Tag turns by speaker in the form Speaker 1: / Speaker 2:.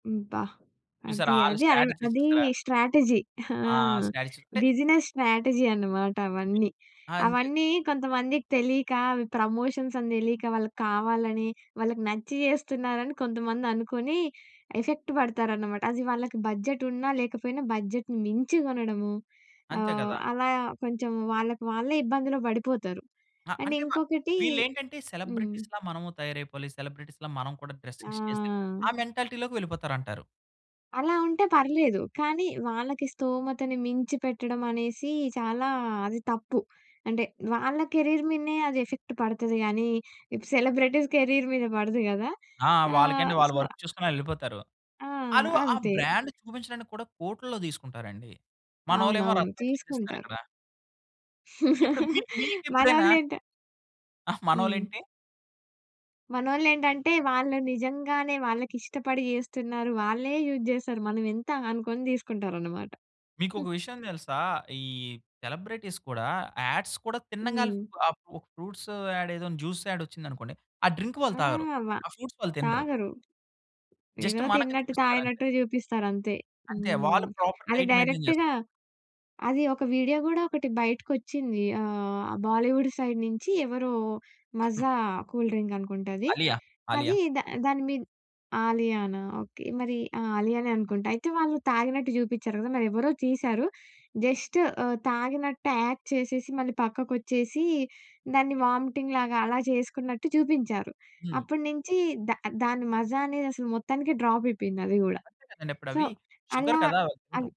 Speaker 1: అబ్బా!
Speaker 2: చూసారా?
Speaker 1: అది
Speaker 2: వాళ్ళ
Speaker 1: అది అరెవ
Speaker 2: స్ట్రాటజీస్
Speaker 1: అది
Speaker 2: చూసారా?
Speaker 1: స్ట్రాటజీ ఆ!
Speaker 2: ఆ! స్ట్రాటజీ అంటే
Speaker 1: బిజినెస్ స్ట్రాటజీ అనమాట అవన్నీ.
Speaker 2: అంతే.
Speaker 1: అవన్నీ కొంతమందికి తెలీక అవి ప్రమోషన్స్ అని తెలీక వాళ్ళకి కావాలని వాళ్ళకి నచ్చి చేస్తున్నారని కొంతమంది అనుకుని ఎఫెక్ట్ పడతారనమాట. అది వాళ్ళకి బడ్జెట్ ఉన్నా లేకపోయినా బడ్జెట్‌ని మించి కొనడము
Speaker 2: అంతే
Speaker 1: ఆహ్,
Speaker 2: కదా!
Speaker 1: అలా కొంచెం వాళ్ళకి వాళ్ళే ఇబ్బందులో పడిపోతారు.
Speaker 2: ఆ!
Speaker 1: అండ్
Speaker 2: అంటే మ
Speaker 1: ఇంకొకటి
Speaker 2: వీళ్ళు ఏంటంటే
Speaker 1: హ్మ్.
Speaker 2: సెలబ్రిటీస్‌లా మనము తయారైపోవాలి. సెలబ్రిటీస్‌లా మనం కూడా డ్రెసింగ్స్ చేసి ఆ
Speaker 1: ఆ!
Speaker 2: మెంటాలిటీ‌లోకి వెళ్ళిపోతారంటారు.
Speaker 1: అలా ఉంటే పర్లేదు. కానీ వాళ్ళకి స్తోమతని మించి పెట్టడం అనేసి చాలా అది తప్పు. అంటే వాళ్ళ కెరీర్ మీదనే అది ఎఫెక్ట్ పడతది కానీ ఇప్పుడు సెలబ్రిటీస్ కెరీర్ మీద పడదు కదా!
Speaker 2: ఆ! వాళ్ళకేంటి?
Speaker 1: ఆహ్,
Speaker 2: వాళ్ళు
Speaker 1: సో
Speaker 2: వర్క్ చేసుకొని వెళ్ళిపోతారు.
Speaker 1: ఆ!
Speaker 2: వాళ్ళు ఆ
Speaker 1: అంతే.
Speaker 2: బ్రాండ్ చూపించడానికి కూడా కోట్లల్లో తీసుకుంటారండి. మనోళ్ళు ఏమో
Speaker 1: అవునవును.
Speaker 2: రక్తాలు చెందిస్తారు
Speaker 1: తీసుకుంటారు.
Speaker 2: ఇక్కడ. ఇప్పుడు మీ మీకు ఎప్పుడైనా
Speaker 1: మనోళ్ళు ఏంట
Speaker 2: ఆహ్, మనోళ్ళు
Speaker 1: హ్మ్.
Speaker 2: ఏంటి?
Speaker 1: మనోళ్ళు ఏంటంటే వాళ్ళు నిజంగానే వాళ్ళకి ఇష్టపడి చేస్తున్నారు. వాళ్ళే యూజ్ చేస్తారు. మనం ఎంత? అనుకుని తీసుకుంటారు అన్నమాట.
Speaker 2: మీకు ఒక
Speaker 1: హ్మ్.
Speaker 2: విషయం తెలుసా? ఈ సెలబ్రిటీస్ కూడా యాడ్స్ కూడా తినంగాళ్ళే
Speaker 1: హ్మ్.
Speaker 2: ఆహ్ ఫ్రూ ఫ్రూట్స్ యాడ్ ఏదో జ్యూస్ యాడ్ వచ్చింది అనుకోండి. ఆ డ్రింక్ వాళ్ళు
Speaker 1: ఆ!
Speaker 2: తాగరు.
Speaker 1: వ
Speaker 2: ఆ ఫ్రూట్స్ వాళ్ళు తినరు.
Speaker 1: తాగరు.
Speaker 2: జస్ట్
Speaker 1: ఏదో
Speaker 2: మనకే
Speaker 1: తిన్నట్టు
Speaker 2: చూపిస్తారు అంతే.
Speaker 1: తాగినట్టు‌ చూపిస్తారు అంతే.
Speaker 2: అంతే.
Speaker 1: హ్మ్.
Speaker 2: వాళ్ళు ప్రాపర్
Speaker 1: అది
Speaker 2: డైట్ మెయింటైన్ చేస్తారు.
Speaker 1: డైరెక్ట్‌గా, అది ఒక వీడియో కూడా ఒకటి బయటికి వచ్చింది. ఆహ్, బాలీవుడ్ సైడ్ నుంచి ఎవరో మాజా కూల్ డ్రింక్ అనుకుంట అది.
Speaker 2: 'అలియా',
Speaker 1: అది
Speaker 2: 'ఆలియా'.
Speaker 1: ద దాని మీద 'ఆలియానా'? ఓకే. మరి ఆ! 'ఆలియానే' అనుకుంటా. అయితే వాళ్ళు తాగినట్టు చూపించారు కదా! మరి ఎవరో తీశారు. జస్ట్ ఆహ్, తాగినట్టు యాక్ట్ చేసేసి మళ్ళీ పక్కకు వచ్చేసి దాన్ని వామిటింగ్ లాగా అలా చేసుకున్నట్టు చూపించారు.
Speaker 2: హ్మ్.
Speaker 1: అప్పటి నుంచి దా దాన్ని మాజా అనేది అసలు మొత్తానికి డ్రాప్ అయిపోయింది అది కూడా.
Speaker 2: అంతే కదండి. ఇప్పుడు
Speaker 1: సో,
Speaker 2: అవి షుగర్
Speaker 1: అలా
Speaker 2: కదా! వాళ్లు
Speaker 1: అది
Speaker 2: తినరు.